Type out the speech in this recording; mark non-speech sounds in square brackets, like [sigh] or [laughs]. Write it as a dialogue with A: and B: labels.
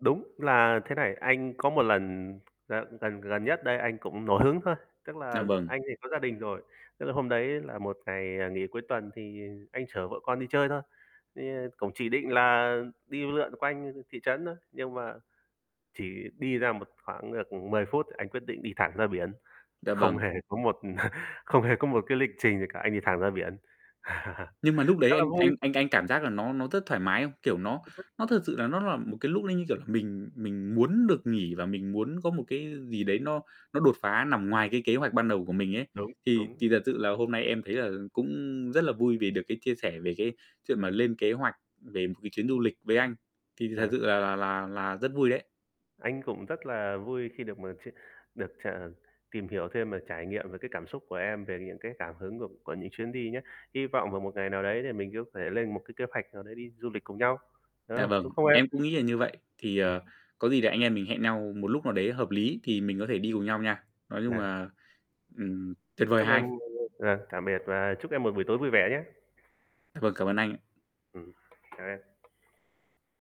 A: Đúng. Là thế này, anh có một lần là lần gần nhất đây anh cũng nổi hứng thôi, tức
B: Dạ,
A: là
B: vâng.
A: anh thì có gia đình rồi, tức là hôm đấy là một ngày, à, nghỉ cuối tuần, thì, ờ, anh chở vợ con đi chơi thôi. Thì cũng chỉ định là đi lượn quanh, ừm, thị trấn thôi, nhưng mà chỉ đi ra một khoảng được 10 phút anh quyết định đi thẳng ra biển,
B: Dạ,
A: không
B: vâng.
A: hề có một [chuckles] không hề có một cái lịch trình gì cả, anh đi thẳng ra biển. [laughs]
B: Nhưng mà núc đấy
A: Khá là
B: anh
A: vui.
B: anh anh anh cảm giác là nó nó rất thoải mái không? Kiểu, nó
A: Đi taxi.
B: nó thật sự là nó là một cái lúc đấy như kiểu là mình mình muốn được nghỉ, và mình muốn có một cái gì đấy nó nó đột phá nằm ngoài cái kế hoạch ban đầu của mình ấy.
A: Đúng,
B: Thì
A: đúng.
B: thì thật sự là hôm nay em thấy là cũng rất là vui vì được cái chia sẻ về cái chuyện mà lên kế hoạch về một cái chuyến du lịch với anh. Thì thật
A: À.
B: sự là là là là rất vui đấy.
A: Anh cũng rất là vui khi được mà chia được ch tìm hiểu thêm về trải nghiệm, về cái cảm xúc của em, về những cái cảm hứng của của những chuyến đi nhá. Hy vọng vào một ngày nào đấy thì mình sẽ có thể lên một cái kế hoạch nào đấy đi du lịch cùng nhau, đúng
B: Dạ,
A: không? Đúng
B: vâng,
A: không em?
B: em cũng nghĩ là như vậy. Thì,
A: Yeah.
B: ờ, có gì để anh em mình hẹn nhau một lúc nào đấy hợp lý thì mình có thể đi cùng nhau nha. Nói chung
A: Yeah.
B: là, ừm, tuyệt vời
A: Chúc
B: ha
A: em
B: anh?
A: luôn luôn vâng, tạm biệt và chúc em một buổi tối vui vẻ nhé.
B: Dạ vâng, cảm ơn anh ạ.
A: Ừm, chào em.